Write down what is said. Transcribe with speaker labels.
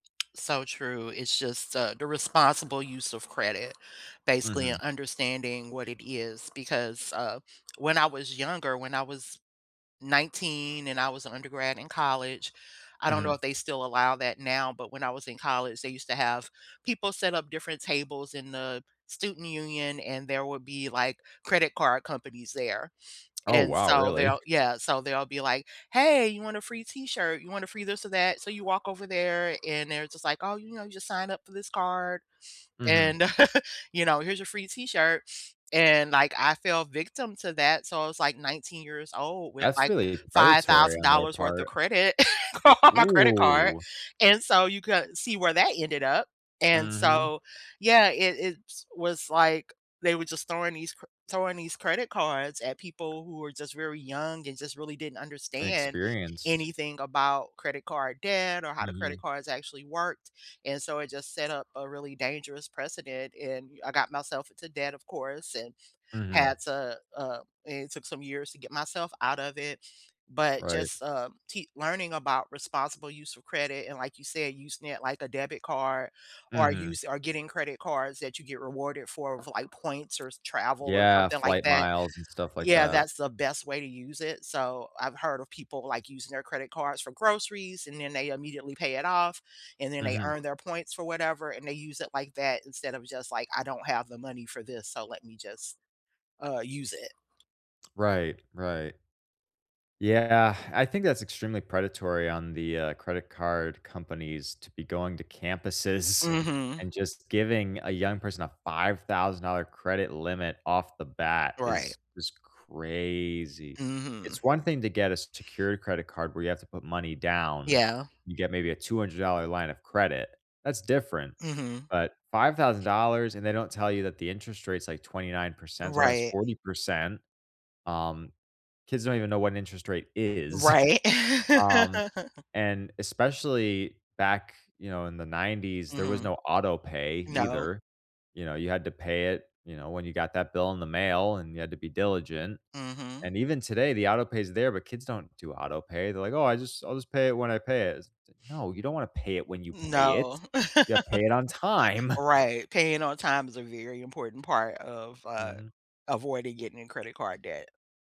Speaker 1: So true, it's just, uh, the responsible use of credit, basically
Speaker 2: Mhm.
Speaker 1: understanding what it is because, uh, when I was younger, when I was 19 and I was an undergrad in college, I don't know if
Speaker 2: Mhm.
Speaker 1: they still allow that now, but when I was in college, they used to have people set up different tables in the student union and there would be, like, credit card companies there,
Speaker 2: Oh,
Speaker 1: and
Speaker 2: wow,
Speaker 1: so
Speaker 2: really?
Speaker 1: they'll yeah, so they'll be like, "Hey, you want a free t-shirt? You want a free this or that?" So you walk over there and they're just like, "Oh, you know, you just sign up for this card
Speaker 2: Mhm.
Speaker 1: and you know, here's your free t-shirt," and, like, I fell victim to that, so I was like 19 years-old with,
Speaker 2: That's
Speaker 1: like,
Speaker 2: really
Speaker 1: five
Speaker 2: predatory
Speaker 1: thousand
Speaker 2: on their
Speaker 1: dollars worth of
Speaker 2: part.
Speaker 1: credit car on my credit card
Speaker 2: Whoa.
Speaker 1: and so you could see where that ended up and
Speaker 2: Mhm.
Speaker 1: so, yeah, it it's was, like, they were just throwing these c throwing these credit cards at people who were just very young and just really didn't understand
Speaker 2: inexperienced.
Speaker 1: anything about credit card debt or how the credit
Speaker 2: Mhm.
Speaker 1: cards actually worked and so it just set up a really dangerous precedent and I got myself into debt of course, and
Speaker 2: Mhm.
Speaker 1: had to, uh it took some years to get myself out of it, but
Speaker 2: Right.
Speaker 1: just, uh, te keep learning about responsible use of credit and like you said, using it like a debit card or
Speaker 2: Mhm.
Speaker 1: use or getting credit cards that you get rewarded for with, like, points or travel or
Speaker 2: Yeah,
Speaker 1: something like
Speaker 2: flight
Speaker 1: that.
Speaker 2: miles and stuff like
Speaker 1: Yeah,
Speaker 2: that.
Speaker 1: that's the best way to use it, so I've heard of people, like, using their credit cards for groceries and then they immediately pay it off and then they
Speaker 2: Mhm.
Speaker 1: earn their points for whatever and they use it like that instead of just, like, "I don't have the money for this, so let me just, uh, use it."
Speaker 2: Right, right. Yeah, I think that's extremely predatory on the, uh, credit card companies to be going to campuses
Speaker 1: Mhm.
Speaker 2: and just giving a young person a $5000 credit limit off the bat
Speaker 1: Right.
Speaker 2: is just crazy. It's
Speaker 1: Mhm.
Speaker 2: one thing to get a secured credit card where you have to put money down,
Speaker 1: Yeah.
Speaker 2: you get maybe a $200 line of credit, that's different,
Speaker 1: Mhm.
Speaker 2: but $5000 and they don't tell you that the interest rates like 29%, sometimes
Speaker 1: Right.
Speaker 2: 40%, um, kids don't even know what an interest rate is.
Speaker 1: Right.
Speaker 2: Um, and especially back, you know, in the 90s, there was
Speaker 1: Mhm.
Speaker 2: no autopay
Speaker 1: No.
Speaker 2: either. You know, you had to pay it, you know, when you got that bill in the mail, and you had to be diligent.
Speaker 1: Mhm.
Speaker 2: And even today, the autopay's there, but kids don't do autopay. They're like, "Oh, I just I'll just pay it when I pay it." No, you don't want to pay it when you pay it,
Speaker 1: No.
Speaker 2: you pay it on time.
Speaker 1: Right, paying on time is a very important part of, uh,
Speaker 2: Mhm.
Speaker 1: avoiding getting in credit card debt.